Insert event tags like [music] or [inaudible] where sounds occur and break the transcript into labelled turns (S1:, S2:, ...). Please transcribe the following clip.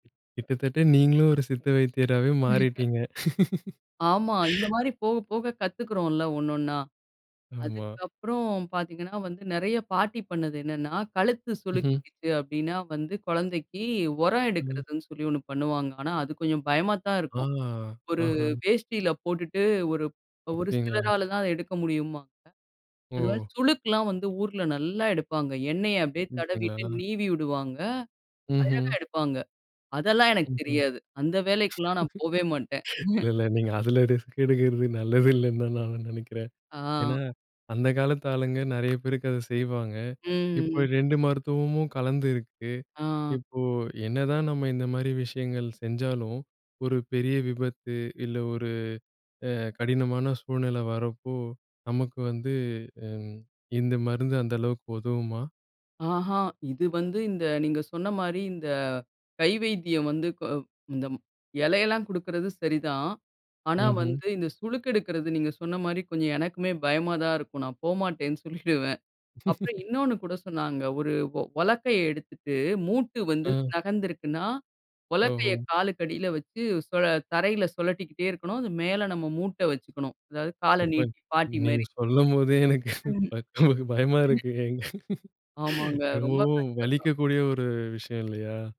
S1: கிட்டத்தட்ட நீங்களும் ஒரு சித்த வைத்தியராவே
S2: [unintelligible]
S1: மாறிட்டீங்க!.
S2: ஆமா. இந்த
S1: [chuckles]
S2: மாரி போக, போக கத்துக்கிறோம்ல, ஒன்னொன்னா?
S1: ஆமா.
S2: அதுக்கப்புறம் பார்த்தீங்கன்னா வந்து, நிறைய பாட்டி பண்ணது என்னன்னா, கழுத்து
S1: ம்ஹ்ம்.
S2: சுளுக்கிக்கிச்சு அப்படின்னா வந்து குழந்தைக்கி, உரம்
S1: ம்.
S2: எடுக்கிறதுன்னு சொல்லி ஒண்ணு பண்ணுவாங்க. ஆனா, அது கொஞ்சம் பயமா தான்
S1: ஆ,
S2: இருக்கும். ஒரு
S1: ஆஹான்.
S2: வேஷ்டில போட்டுட்டு ஒரு ஒரு
S1: அப்பிடிங்களா?
S2: சிலரால தான் அத எடுக்க முடியும்பாங்க. அது மாரி
S1: ஓ!
S2: சுளுக்குலாம் வந்து ஊருல நல்லா எடுப்பாங்க. எண்ணெய அப்படியே தடவிட்டு,
S1: [unintelligible]
S2: நீவி விடுவாங்க. அழகா
S1: ம்ஹ்ம்.
S2: எடுப்பாங்க. அதெல்லாம் எனக்கு
S1: ம்ஹ்ம்.
S2: தெரியாது. அந்த வேலைக்குலாம் நான் போவே மாட்டேன்.
S1: [chuckles] இல்ல,
S2: [chuckles]
S1: இல்ல நீங்க அதுல ரிஸ்க் எடுக்கிறது நல்லது இல்லன்னு தான் நான் ந நினைக்கிறேன். ஏன்னா,
S2: ஆ.
S1: அந்த காலத்து ஆளுங்க நிறைய பேருக்கு அத செய்வாங்க.
S2: ம்,
S1: இப்போ
S2: ம்.
S1: 2 மருத்துவமும் கலந்திருக்கு.
S2: ஆ.
S1: இப்போ, என்னதான் நம்ம இந்த மாதிரி விஷயங்கள் செஞ்சாலும் ஒரு பெரிய விபத்து, இல்ல ஒரு அ கடினமான சூழ்நிலை வரப்போ, நமக்கு வந்து அம், இந்த மருந்து அந்த அளவுக்கு உதவுமா?
S2: ஆஹான். இது வந்து இந்த, நீங்க சொன்ன மாரி இந்த, கை வைத்தியம் வந்து அ ம் இந்த ம் இலையெல்லாம் குடுக்கறது சரிதான். ஆனா,
S1: ம்ஹ்ம்.
S2: வந்து இந்த சுளுக்கெடுக்கிறது நீங்க சொன்ன மாரி கொஞ்சம் எனக்குமே பயமா தான் இருக்கும். நான் போமாட்டேன்னு சொல்லிடுவேன். அப்புறம்
S1: [chuckles]
S2: இன்னொன்னு கூட சொன்னாங்க. ஒரு உ உலக்கைய எடுத்துட்டு, மூட்டு வந்து
S1: அ.
S2: நகர்ந்துருக்குன்னா,
S1: ஓஹோ!
S2: உலக்கைய காலுக்கடியில வைச்சு சுழ தரையில சுழட்டிக்கிட்டே இருக்கணும். அது மேல நம்ம மூட்ட வைச்சுக்கணும். அதாவது, கால
S1: [unintelligible]
S2: நீட்டி பாட்டி
S1: நீங்க
S2: மாரி.
S1: சொல்லும்போதே எனக்கு
S2: [unintelligible]
S1: பய எனக்கு பயமா
S2: ம்.
S1: இருக்குங்க.
S2: ஆமாங்க. ரொம்ப
S1: ரொம்பவும்
S2: கஷ்டந்தான்.
S1: வலிக்கக்கூடிய ஒரு விஷயம் இல்லையா?